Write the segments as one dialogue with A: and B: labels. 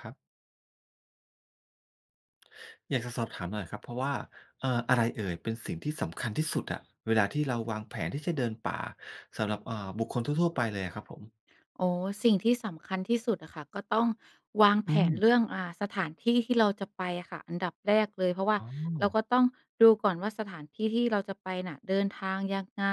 A: ครับ อยากจะสอบถามหน่อยครับ เพราะว่า เอ่อ อะไรเอ่ยเป็นสิ่งที่สำคัญที่สุดอะ เวลาที่เราวางแผนที่จะเดินป่า สำหรับ เอ่อ บุคคลทั่ว ๆ ไปเลยอะครับผม?
B: อ๋อ สิ่งที่สำคัญที่สุดอะค่ะ ก็ต้องวาง
A: อ
B: แผ
A: ื
B: น
A: ม
B: เรื่อง อ่า สถานที่ที่เราจะไปอะค่ะ อันดับแรกเลย เพราะว่า
A: อ๋
B: เรา
A: อ
B: ก็ต้องดูก่อนว่า สถานที่ที่เราจะไปน่ะเดินทางยังไง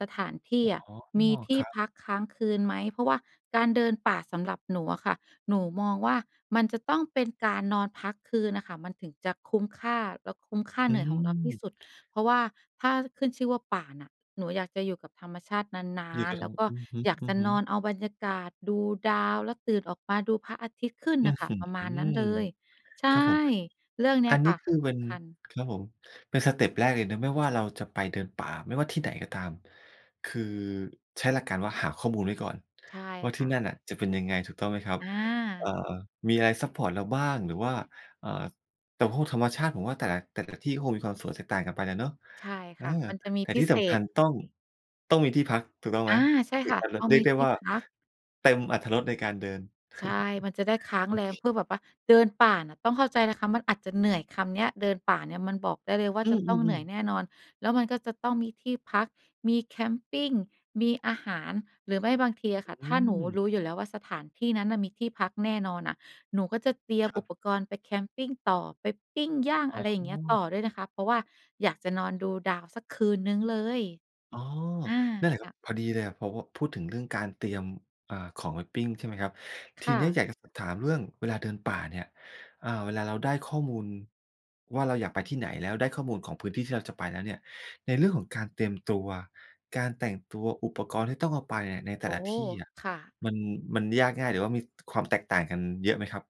B: สถานที
A: อ
B: ่
A: ๋อ
B: อะมีท
A: ค
B: ี่
A: รับ
B: พักค้างคืนไหม เพราะว่าการเดินป่าสำหรับหนูอะค่ะ หนูมองว่า มันจะต้องเป็นการนอนพักคืนน่ะค่ะ มันถึงจะคุ้มค่า แล้วคุ้มค่า
A: อ
B: เ
A: ื
B: หนื่อยของเราที่
A: ม
B: สุด เพราะว่าถ้าขึ้นชื่อว่าป่าน่ะ หนูอยากจะอยู่กับธรรมชาตินา
A: นี่ก
B: น
A: ็
B: ๆ
A: ต
B: แ
A: ้
B: ล
A: อ
B: ้
A: ง
B: วก็
A: อือ
B: อยากจะ
A: ฮึ
B: นอน
A: ๆ
B: เอาบรรยากาศ ดูดาว แล้วตื่นออกมาดูพระอาทิตย์ขึ้น
A: อื
B: น
A: ้
B: ่
A: อ
B: ะค่
A: ฮ
B: ะ
A: ือ
B: ประมาณนั้นเลย ใช
A: ครั
B: ่
A: บผม
B: เรื่องเนี้
A: อั
B: ย
A: นน
B: ค
A: ี้
B: ่ะ
A: คือเ
B: ส
A: ป็น
B: ำคัญ
A: ครับผม เป็นสเต็ปแรกเลยนะ ไม่ว่าเราจะไปเดินป่า ไม่ว่าที่ไหนก็ตาม คือใช้หลักการว่าหาข้อมูลไว้ก่อน
B: ใช่
A: ว่า ท
B: ค
A: ี่
B: ่
A: นั่
B: ะ
A: นน่ะจะเป็นยังไง ถูกต้องไหมครับ
B: อ
A: เอ่อ
B: า
A: มีอะไรซัปพอร์ตเราบ้าง หรือว่า เอ่อ แต่พวกธรรมชาติผมว่าแต่ละ แต่ละที่ก็คงมีความสวยแตกต่างกันไปน่ะเนาะ
B: ใช่
A: เอ
B: ค
A: อ
B: ่ะ มันจะมี
A: แต่
B: พ
A: ท
B: ิ
A: ี่
B: เ
A: ส
B: ศ
A: ำคั
B: ษ
A: ญต้อง ต้องมีที่พัก ถูกต้องไ
B: อ
A: หม?
B: า ใช่
A: ถึ
B: ค
A: ง
B: ่ะ
A: จะ ร
B: พอ
A: เรี
B: ม
A: ย
B: ี
A: กได้
B: ที่
A: ว่า
B: พัก
A: เต็มอรรถรสในการเดิน
B: ใช่ มันจะได้ค้า
A: โ
B: ง
A: อ
B: แร
A: เ
B: ม
A: ค
B: เพื่อแบบว่า เดินป่าน่ะ ต้องเข้าใจนะคะมันอาจจะเหนื่อย คำเนี้ย เดินป่าเนี่ย มันบอกได้เลยว่า
A: อื
B: จะต้องเหนื
A: อ
B: ่อย
A: ๆ ๆ
B: แน่นอน แล้วมันก็จะต้องมีที่พัก มีแคมปิง มีอาหาร หรือไม่บางทีอะค่ะ
A: อ
B: ถ
A: ื
B: ้าหนู
A: ม
B: รู้อยู่แล้วว่าสถานที่นั้นน่ะมีที่พักแน่นอนน่ะ หนูก็จะเตรียม
A: คร
B: อุ
A: ับ
B: ปกรณ์ไปแคมปิงต่อ ไปปิ้งย่าง
A: อ๋
B: อะไรอย่างเงี้ย
A: อ
B: ต่อด้วยนะคะ เพราะว่าอยากจะนอนดูดาวสักคืนหนึ่งเลย
A: อ๋อ
B: อา
A: นั่นแหละค
B: ค
A: รั
B: ่
A: บ
B: ะ
A: พอดีเลยอะ พอ พอพูดถึงเรื่องการเตรียม อ่า ของไปปิ้ง ใช่ไหมครับ ท
B: ค
A: ี
B: ่
A: เนี้ย
B: ะ
A: อยากจะสอบถามเรื่องเวลาเดินป่าเนี่ย อ่า เวลาเราได้ข้อมูล ว่าเราอยากไปที่ไหน แล้วได้ข้อมูลของพื้นที่ที่เราจะไปแล้วเนี่ย ในเรื่องของการเตรียมตัว การแต่งตัว อุปกรณ์ที่ต้องเอาไปอะในแต่
B: โอ้
A: ละที่อะ
B: ค่ะ
A: มัน มันยากง่าย หรือว่ามี ต ความแตกต่างกันเยอะไหมครับ?